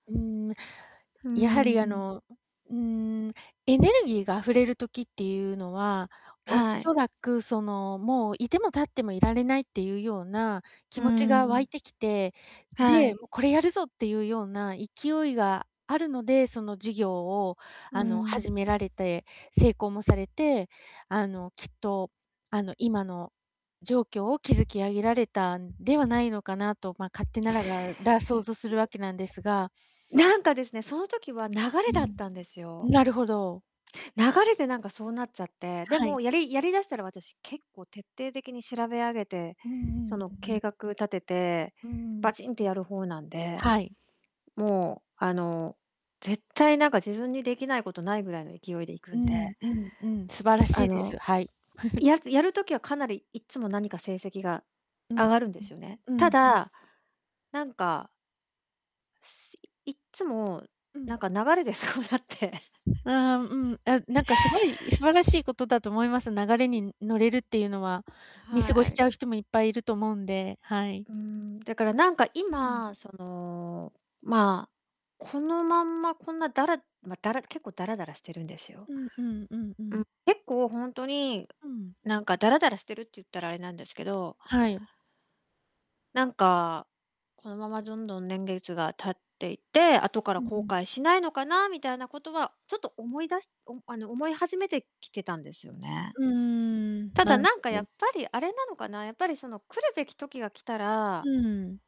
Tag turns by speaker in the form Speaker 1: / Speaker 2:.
Speaker 1: うーん、
Speaker 2: ふー
Speaker 1: やはり、あ
Speaker 2: ん。
Speaker 1: の、ううーん、エネルギーが溢れる時っていうのは、お
Speaker 2: は
Speaker 1: そ
Speaker 2: い。
Speaker 1: らくその、もう、いてもたってもいられないっていうような
Speaker 2: う
Speaker 1: 気
Speaker 2: ー
Speaker 1: 持ちが湧
Speaker 2: ん。
Speaker 1: いてきて、
Speaker 2: は
Speaker 1: で、
Speaker 2: い。
Speaker 1: も、これやるぞっていうような勢いがあるので、その事業を、
Speaker 2: う
Speaker 1: あの、
Speaker 2: ん。
Speaker 1: 始められて成功もされて、あの、きっと、あの、今の状況を築き上げられたんではないのかなと、ま、勝手なら、がら、想像するわけなんですが
Speaker 2: なんかですね、その時は流
Speaker 1: う
Speaker 2: れだっ
Speaker 1: ん、
Speaker 2: たんですよ。
Speaker 1: なるほど。
Speaker 2: 流れでなんかそうなっちゃって、で
Speaker 1: は
Speaker 2: も、
Speaker 1: い。
Speaker 2: やりやり出したら、私、結構、徹底的に調べ上げて、
Speaker 1: うんう
Speaker 2: そ
Speaker 1: ん、う
Speaker 2: の、
Speaker 1: う
Speaker 2: 計
Speaker 1: ん。
Speaker 2: 画立てて
Speaker 1: うーん。
Speaker 2: バチンってやる方なんで、
Speaker 1: はい。
Speaker 2: もう、あの、絶対、なんか、自分にできないことないぐらいの勢いで行く
Speaker 1: う
Speaker 2: ん
Speaker 1: ん
Speaker 2: で
Speaker 1: うんうん、素晴らし
Speaker 2: あ
Speaker 1: いです、
Speaker 2: の、
Speaker 1: はい。
Speaker 2: ややる時はかなりいつも何か成績が
Speaker 1: うん
Speaker 2: 上がるんで
Speaker 1: う
Speaker 2: すよね。
Speaker 1: んう
Speaker 2: た
Speaker 1: んうん。
Speaker 2: だ、なんかいっつも、
Speaker 1: う
Speaker 2: なん
Speaker 1: ん。
Speaker 2: か流れでそうなって
Speaker 1: ああ、うん、あ、なんかすごい素晴らしいことだと思います、流れに乗れるっていうのは。見過ご
Speaker 2: は
Speaker 1: し
Speaker 2: い。
Speaker 1: ちゃう人もいっぱいいると思うんで、はい。
Speaker 2: うーん、だから、なんか
Speaker 1: うん。
Speaker 2: 今、その、まあ、このまんま、こんな、だらま、だら結構、ダラダラしてるんですよ。
Speaker 1: うんうんうんう
Speaker 2: う
Speaker 1: ん。
Speaker 2: ん、結構、ほんとに、
Speaker 1: うん。
Speaker 2: なんかダラダラしてるっちゅったらあれなんですけど
Speaker 1: はい。
Speaker 2: なんか、このままどんどん年月が経っていって、後から
Speaker 1: うんう
Speaker 2: 後
Speaker 1: ん。
Speaker 2: 悔しないのかなみたいなことはちょっと思い出しお、あの、思い始めてきてたんですよね。
Speaker 1: うーん、
Speaker 2: た
Speaker 1: な
Speaker 2: だ、
Speaker 1: る
Speaker 2: なんか
Speaker 1: ほ
Speaker 2: や
Speaker 1: ど。
Speaker 2: っぱりあれなのかな、やっぱりその来るべき時が来た
Speaker 1: う
Speaker 2: ら
Speaker 1: ーん。